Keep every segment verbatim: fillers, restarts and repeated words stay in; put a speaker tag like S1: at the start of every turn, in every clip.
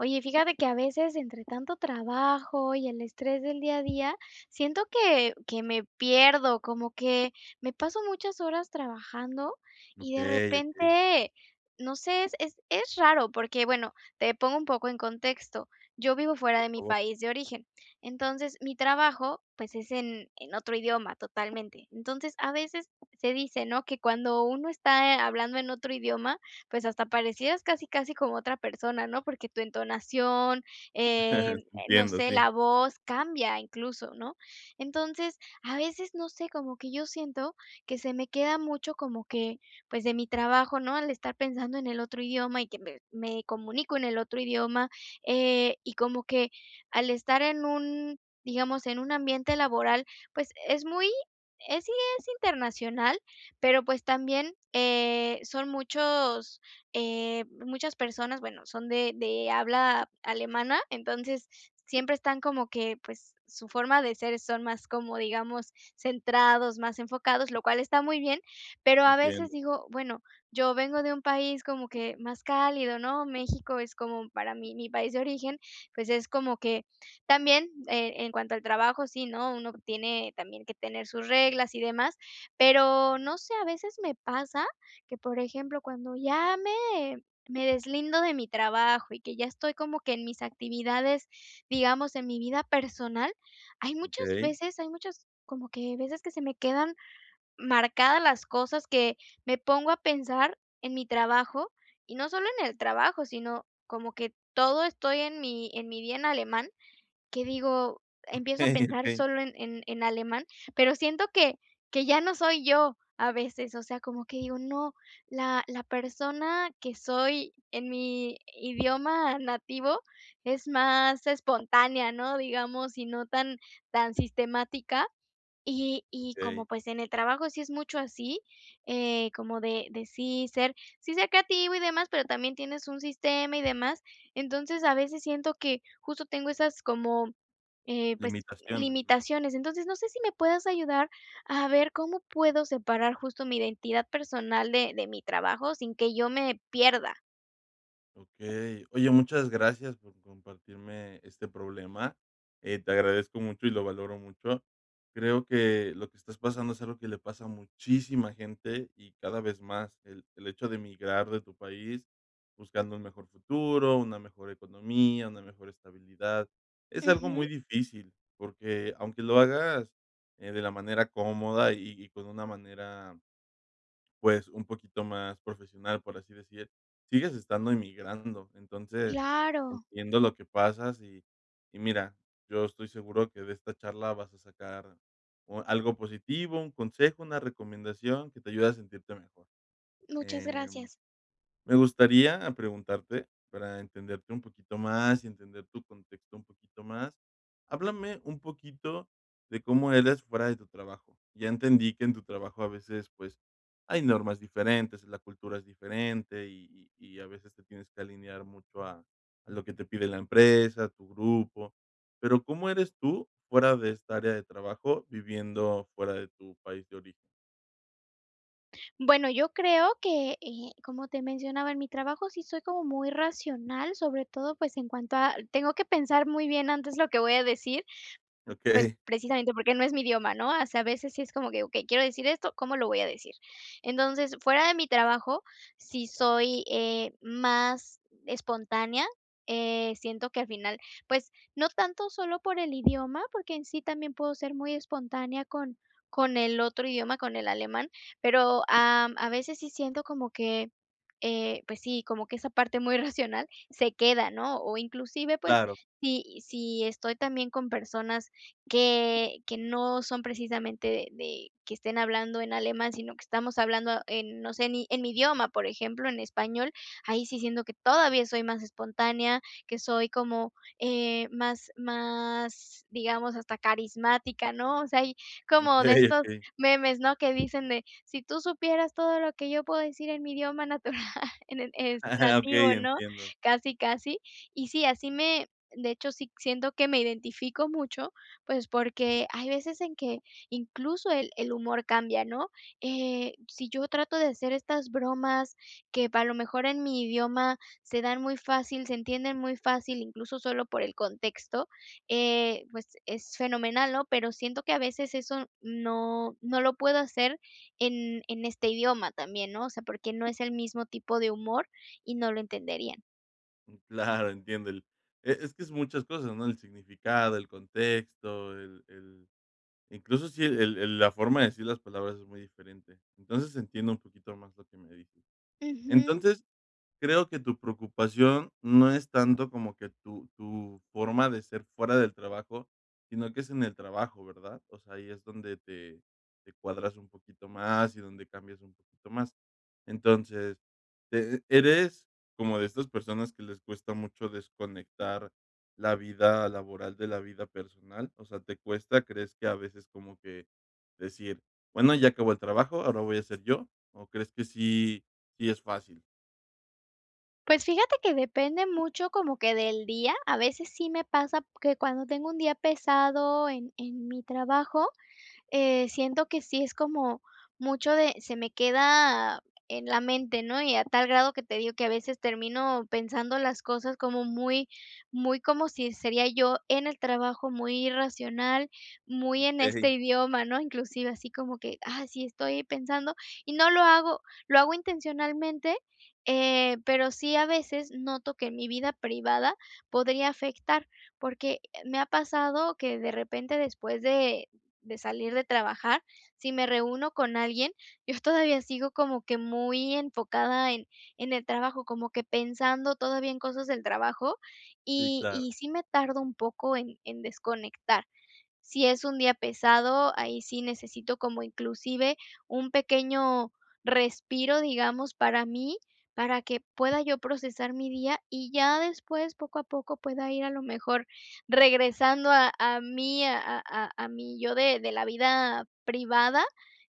S1: Oye, fíjate que a veces entre tanto trabajo y el estrés del día a día, siento que que me pierdo, como que me paso muchas horas trabajando y de
S2: Okey, okey.
S1: repente, no sé, es es raro porque bueno, te pongo un poco en contexto. Yo vivo fuera
S2: Por
S1: de mi
S2: favor.
S1: país de origen. Entonces, mi trabajo, pues, es en en otro idioma totalmente. Entonces, a veces se dice, ¿no?, que cuando uno está, eh, hablando en otro idioma, pues, hasta parecieras casi, casi como otra persona ¿no?, porque tu entonación, em, eh, no
S2: Entiendo,
S1: sé,
S2: sí.
S1: la voz cambia incluso, ¿no? Entonces, a veces no sé como que yo siento que se me queda mucho, como que, pues, de mi trabajo ¿no?, el estar pensando en el otro idioma y que me me comunico en el otro idioma, eh, y como que al estar en un, digamos, en un ambiente laboral, pues, es muy es sí, es internacional, pero, pues, también, eh, son muchos, eh, muchas personas, bueno, son de de habla alemana. Entonces, siempre están como que pues, su forma de ser son más como, digamos centrados, más enfocados, lo cual está muy bien, pero a veces
S2: Entiendo.
S1: digo, bueno, yo vengo de un país como que más cálido, ¿no?, México es como para mí mi país de origen. Pues, es como que también, eh, en cuanto al trabajo, sí, ¿no?, uno tiene también que tener sus reglas y demás, pero no sé, a veces me pasa que, por ejemplo, cuando ya me me deslindo de mi trabajo y que ya estoy como que en mis actividades, digamos en mi vida personal hay muchas
S2: Okey.
S1: veces hay muchos como que veces que se me quedan marcadas las cosas que me pongo a pensar en mi trabajo y no solo en el trabajo, sino como que todo estoy en mi en mi día en alemán que digo empiezo a
S2: Okey,
S1: pensar
S2: okey.
S1: sólo en en en alemán, pero siento que que ya no soy yo, a veces, o sea, como que digo, no, la la persona que soy en mi idioma nativo es más espontánea, ¿no?, digamos y no tan tan sistemática y y como,
S2: Okey.
S1: pues, en el trabajo sí es mucho así, eh, como de de sí ser sí ser creativo y demás, pero también tienes un sistema y demás. Entonces, a veces siento que justo tengo esas como, eh, pues,
S2: Limitaciones, ¿no?
S1: limitaciones. Entonces, no sé si me puedas ayudar a ver cómo puedo separar justo mi identidad personal de de mi trabajo sin que yo me pierda.
S2: Okey. Oye, muchas gracias por compartirme este problema. Eh, te agradezco mucho, y lo valoro mucho. Creo que lo que estás pasando es algo que le pasa a muchísima gente, y cada vez más. El el hecho de emigrar de tu país, buscando un mejor futuro, una mejor economía, una mejor estabilidad. Es algo muy
S1: Ujú.
S2: difícil, porque aunque lo hagas, eh, de la manera cómoda, y y con una manera pues un poquito más profesional, por así decir, sigues estando emigrando. Entonces,
S1: Claro.
S2: entiendo lo que pasas. Y y mira, yo estoy seguro, que de esta charla vas a sacar o algo positivo, un consejo, una recomendación, que te ayude a sentirte mejor.
S1: Muchas
S2: Em,
S1: gracias.
S2: me gustaría preguntarte, para entenderte un poquito más y entender tu contexto un poquito más. Háblame un poquito de cómo eres, fuera de tu trabajo. Ya entendí que en tu trabajo a veces, pues, hay normas diferentes. La cultura es diferente, y y a veces te tienes que alinear mucho, a a lo que te pide la empresa, tu grupo. Pero, ¿cómo eres tú, fuera de esta área de trabajo, viviendo fuera de tu país de origen?
S1: Bueno, yo creo que, eh, como te mencionaba en mi trabajo, sí soy como muy racional, sobre todo, pues en cuanto a tengo que pensar muy bien antes lo que voy a decir, pues
S2: Okey
S1: precisamente porque no es mi idioma, ¿no?, o sea, a veces si es como que okey, quiero decir esto, ¿cómo lo voy a decir? Entonces, fuera de mi trabajo, sí soy, eh, más espontánea, eh, siento que al final, pues no tanto solo por el idioma, porque en sí también puedo ser muy espontánea con con el otro idioma, con el alemán, pero, am, a veces sí siento como que, eh, pues sí, como que esa parte muy racional se queda, ¿no?, o inclusive, pues
S2: Claro.
S1: si si estoy también con personas que que no son precisamente de de que estén hablando en alemán, sino que estamos hablando en, no sé, ni en mi idioma, por ejemplo, en español. Ahí sí siento que todavía soy más espontánea, que soy como, eh, más más, digamos, hasta carismática, ¿no?, o sea, hay como de
S2: Okey,
S1: estos
S2: okey.
S1: memes, ¿no?, que dicen de: "Si tú supieras todo lo que yo puedo decir en mi idioma natural en el es
S2: Okey,
S1: nativo", ¿no?,
S2: entiendo.
S1: casi, casi y sí, así me de hecho, sí siento que me identifico mucho, pues porque hay veces en que incluso el el humor cambia, ¿no?, eh, si yo trato de hacer estas bromas que a lo mejor en mi idioma se dan muy fácil, se entienden muy fácil, incluso solo por el contexto, eh, pues es fenomenal, ¿no?, pero siento que a veces eso no no lo puedo hacer en en este idioma también, ¿no? O sea, porque no es el mismo tipo de humor y no lo entenderían.
S2: Mm, claro. Entiendo el, e es que es muchas cosas ¿no? El significado, el contexto, el el incluso si el el la forma de decir las palabras es muy diferente. Entonces, entiendo un poquito más lo que me dices.
S1: Ujú.
S2: Entonces, creo que tu preocupación no es tanto como que tu tu forma de ser fuera del trabajo, sino que es en el trabajo, ¿verdad? O sea, ahí es donde te te cuadras un poquito más y donde cambias un poquito más. Entonces, te ¿eres como de esas personas que les cuesta mucho desconectar la vida laboral de la vida personal? O sea, ¿te cuesta? ¿Crees que a veces como que decir, bueno, ya acabó el trabajo, ahora voy a ser yo, o crees que sí sí es fácil?
S1: Pues, fíjate que depende mucho, como que del día. A veces sí me pasa que cuando tengo un día pesado en en mi trabajo, eh, siento que sí es como mucho de se me queda en la mente, ¿no? Y a tal grado que te digo que a veces termino pensando las cosas como muy muy como si sería yo en el trabajo, muy irracional, muy en este
S2: Okey.
S1: idioma ¿no? Inclusive así como que, ah, sí, estoy pensando y no lo hago, lo hago intencionalmente, eh, pero sí a veces noto que en mi vida privada podría afectar porque me ha pasado que de repente, después de de salir de trabajar, si me reúno con alguien, yo todavía sigo como que muy enfocada en en el trabajo, como que pensando todavía en cosas del trabajo,
S2: Sí,
S1: y
S2: claro.
S1: y sí, me tardo un poco en en desconectar. Si es un día pesado, ahí sí necesito como inclusive un pequeño respiro, digamos, para mí, para que pueda yo procesar mi día y ya después, poco a poco, pueda ir a lo mejor regresando a a mí, a a a a mí yo de de la vida privada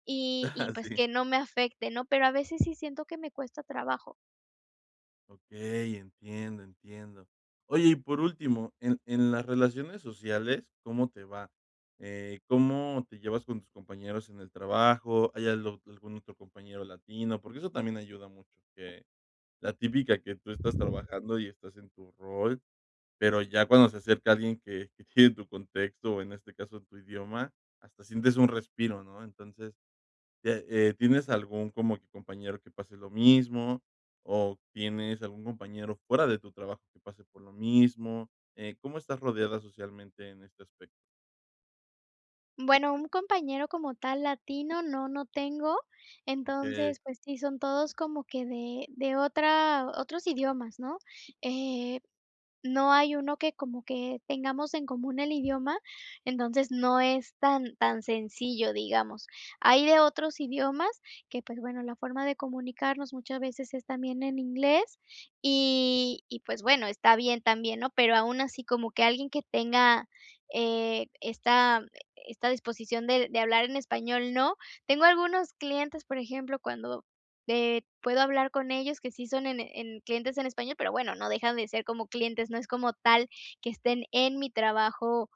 S1: y y,
S2: Ajá,
S1: pues,
S2: sí.
S1: que no me afecte, ¿no? Pero a veces sí siento que me cuesta trabajo.
S2: Okey, entiendo, entiendo. Oye, y por último, en en las relaciones sociales, ¿cómo te va? Eh, ¿cómo te llevas con tus compañeros en el trabajo? ¿Hay algo algún otro compañero latino? Porque eso también ayuda mucho. Que la típica que tú estás trabajando, y estás en tu rol, pero ya cuando se acerca alguien que tiene tu contexto, o en este caso, tu idioma, hasta sientes un respiro, ¿no? Entonces, ya Eh, ¿tienes algún, como que, compañero que pase lo mismo? ¿O tienes algún compañero, fuera de tu trabajo, que pase por lo mismo? Eh, ¿cómo estás rodeada, socialmente, en este aspecto?
S1: Bueno, un compañero, como tal, latino, no, no tengo.
S2: Okey.
S1: Entonces, pues sí, son todos como que de de otra otros idiomas, ¿no? Eh, no hay uno, que como que tengamos en común el idioma. Entonces, no es tan tan sencillo, digamos. Hay de otros idiomas que, pues, bueno, la forma de comunicarnos, muchas veces es también en inglés. Y y pues bueno, está bien, también, ¿no? Pero aun así, como que alguien que tenga, eh, esta esta disposición, de de hablar en español, no. Tengo algunos clientes Por ejemplo, cuando eh, puedo hablar con ellos, que sí son, en en clientes en español, pero bueno, no dejan de ser, como clientes. No es como tal que estén en mi trabajo,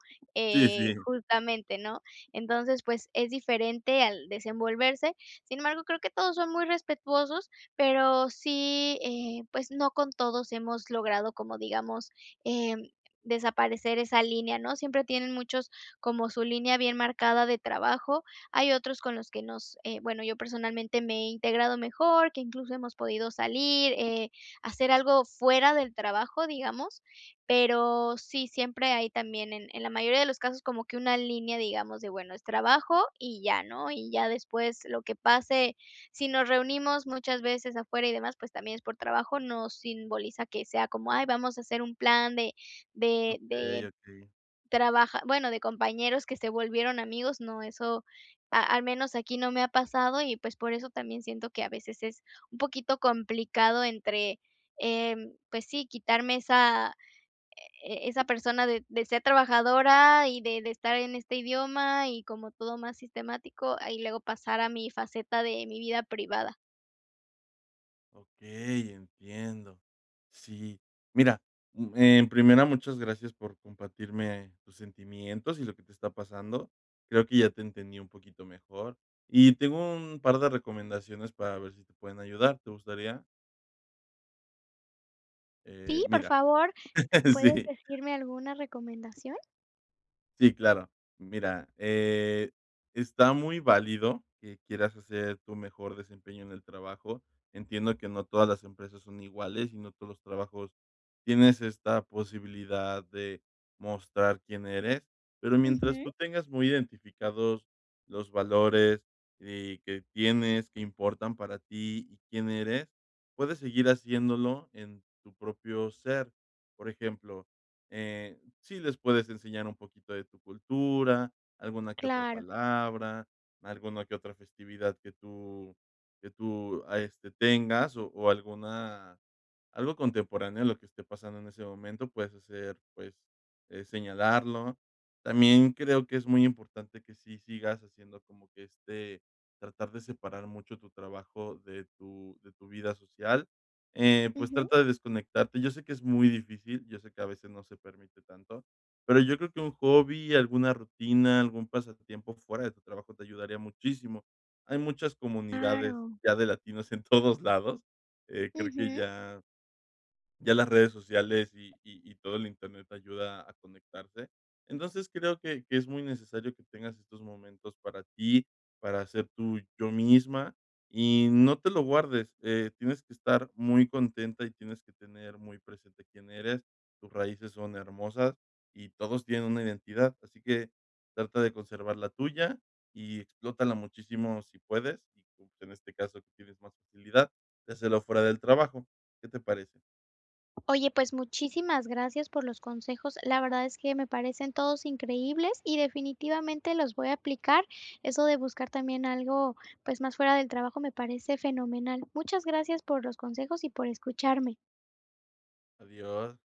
S2: Sí,
S1: eh,
S2: sí.
S1: justamente, ¿no? Entonces, pues, es diferente al desenvolverse. Sin embargo, creo que todos son muy respetuosos. Pero sí, eh, pues no con todos hemos logrado, como digamos, em, desaparecer esa línea, ¿no? Siempre tienen muchos, como su línea bien marcada de trabajo. Hay otros con los que nos eh, bueno, yo personalmente, me he integrado mejor, que incluso hemos podido salir. Eh, hacer algo fuera del trabajo, digamos. Pero sí, siempre hay también, en en la mayoría de los casos, como que una línea, digamos, de bueno, es trabajo, y ya, ¿no? Y ya después, lo que pase si nos reunimos muchas veces, afuera y demás, pues también es por trabajo. No simboliza que sea como: "Ay, vamos a hacer un plan de de
S2: Okey,
S1: de
S2: okey.
S1: trabaja bueno, de compañeros que se volvieron amigos", no. Eso, a al menos aquí, no me ha pasado. Y pues, por eso también, siento que a veces es un poquito complicado, entre Em, pues sí, quitarme esa e esa persona, de de ser trabajadora y de de estar en este idioma, y como todo más sistemático. Ah, y luego pasar a mi faceta de mi vida privada.
S2: Okey, entiendo. Sí, mira, mm, en primera, muchas gracias por compartirme tus sentimientos y lo que te está pasando. Creo que ya te entendí un poquito mejor y tengo un par de recomendaciones para ver si te pueden ayudar, ¿te gustaría? Eh,
S1: Sí, por
S2: mira,
S1: favor, ¿puedes
S2: sí.
S1: decirme alguna recomendación?
S2: Sí, claro. Mira, eh, está muy válido que quieras hacer tu mejor desempeño en el trabajo. Entiendo que no todas las empresas son iguales, y no todos los trabajos. Tienes esta posibilidad de mostrar quién eres. Pero mientras tú
S1: Ujú.
S2: tengas muy identificados los valores y que tienes que importan para ti y quién eres. Puedes seguir haciéndolo en tu propio ser, por ejemplo, eh, sí les puedes enseñar un poquito de tu cultura, alguna que otra
S1: Claro.
S2: palabra, alguna que otra festividad que tú que tú a este tengas o o alguna algo contemporáneo de lo que esté pasando en ese momento puedes hacer, pues, eh, señalarlo. También creo que es muy importante que sí sigas haciendo como que, este, tratar de separar mucho tu trabajo de tu de tu vida social, eh, pues
S1: Ujú.
S2: trata de desconectarte. Yo sé que es muy difícil. Yo sé que a veces no se permite tanto, pero yo creo que un hobby, alguna rutina, algún pasatiempo fuera de tu trabajo te ayudaría muchísimo. Hay muchas comunidades
S1: Claro.
S2: ya de latinos en todos lados. Eh, creo que
S1: Ujú.
S2: ya ya las redes sociales y y y todo el internet ayuda a conectarse. Entonces, creo que que es muy necesario que tengas estos momentos para ti, para ser tú, yo misma y no te lo guardes. Eh, tienes que estar muy contenta y tienes que tener muy presente quién eres. Tus raíces son hermosas y todos tienen una identidad, así que trata de conservar la tuya y explótala muchísimo si puedes y, uh, en este caso, que tienes más facilidad de hacerlo fuera del trabajo, ¿qué te parece?
S1: Oye, pues muchísimas gracias por los consejos. La verdad es que me parecen todos increíbles y definitivamente los voy a aplicar. Eso de buscar también algo, pues más fuera del trabajo me parece fenomenal. Muchas gracias por los consejos y por escucharme.
S2: Adiós.